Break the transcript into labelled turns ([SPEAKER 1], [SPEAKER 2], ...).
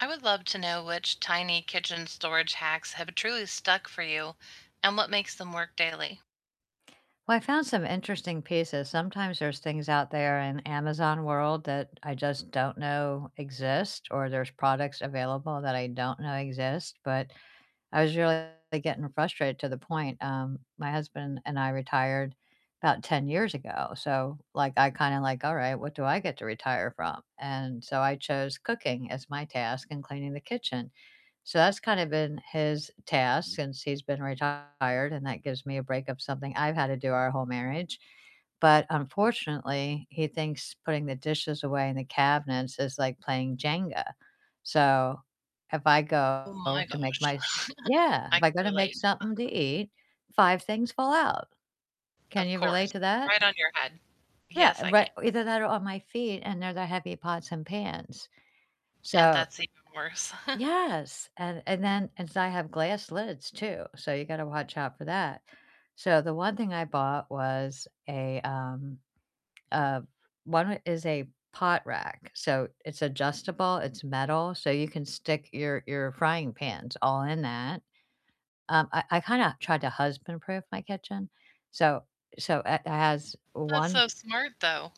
[SPEAKER 1] I would love to know which tiny kitchen storage hacks have truly stuck for you and what makes them work daily?
[SPEAKER 2] Well, I found some interesting pieces, sometimes there's things out there in Amazon world that I just don't know exist, or there's products available that I don't know exist, but I was really getting frustrated to the point, um, my husband and I retired 'bout 10 years ago, so, like, I kinda like, "All right, what do I get to retire from?" And so I chose cooking as my task and cleaning the kitchen, so that's kind of been his task since he's been retired, and that gives me a break of something I've had to do our whole marriage, but unfortunately, he thinks putting the dishes away in the cabinets is like playing Jenga, so if I go
[SPEAKER 1] Ooh my
[SPEAKER 2] to make
[SPEAKER 1] gosh.
[SPEAKER 2] my s Yeah,
[SPEAKER 1] I
[SPEAKER 2] if
[SPEAKER 1] can
[SPEAKER 2] I go to make
[SPEAKER 1] relate.
[SPEAKER 2] something to eat, 5 things fall out. Can
[SPEAKER 1] Of
[SPEAKER 2] you relate
[SPEAKER 1] course.
[SPEAKER 2] to that?
[SPEAKER 1] Right on your head.
[SPEAKER 2] Yeah,
[SPEAKER 1] Yes, I
[SPEAKER 2] right,
[SPEAKER 1] can.
[SPEAKER 2] either that or on my feet, and they're the heavy pots and pans.
[SPEAKER 1] And
[SPEAKER 2] So
[SPEAKER 1] that's even worse.
[SPEAKER 2] Yes, and and then and so I have glass lids too, so you gotta watch out for that, so the one thing I bought was a, um, a 1 is a pot rack, so it's adjustable, it's metal, so you can stick your your frying pans all in that, um, I I kinda tried to husband-proof my kitchen, so so it has
[SPEAKER 1] That's
[SPEAKER 2] 1
[SPEAKER 1] so smart, though.